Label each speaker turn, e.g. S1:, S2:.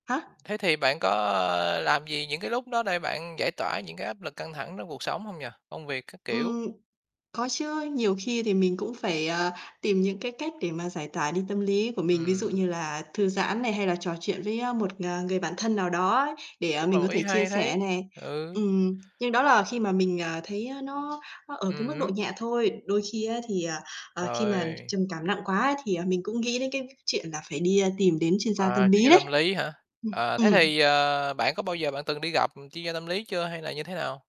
S1: Hả?
S2: Thế thì bạn có làm gì những cái lúc đó để bạn giải tỏa những cái áp lực căng thẳng trong cuộc sống hông nhỉ? Công việc các kiểu.
S1: Ừm, có chứ. Nhiều khi thì mình cũng phải, ờ, tìm những cái cách để mà giải tỏa đi tâm lý của mình, ví dụ
S2: Ừm.
S1: như là thư giãn này, hay là trò chuyện với, ơ, một, ờ, người bạn thân nào đó ấy, để
S2: Cũng là
S1: mình
S2: một
S1: có
S2: ý
S1: thể chia
S2: hay đấy,
S1: sẻ này.
S2: ừ.
S1: Ừm, nhưng đó là khi mà mình, à, thấy nó nó ở cái
S2: Ừm
S1: mức độ
S2: hứm.
S1: nhẹ thôi. Đôi khi á, thì, ờ, ờ, khi mà
S2: Rồi.
S1: trầm cảm nặng quá ấy, thì mình cũng nghĩ đến cái v chuyện là phải đi tìm đến chuyên gia tâm
S2: À, chuyên
S1: lý
S2: gia
S1: đấy.
S2: tâm lý hả? À,
S1: Ừm,
S2: thế
S1: ừm.
S2: thì, ờ, bạn có bao giờ bạn từng đi gặp chuyên gia tâm lý chưa hay là như thế nào?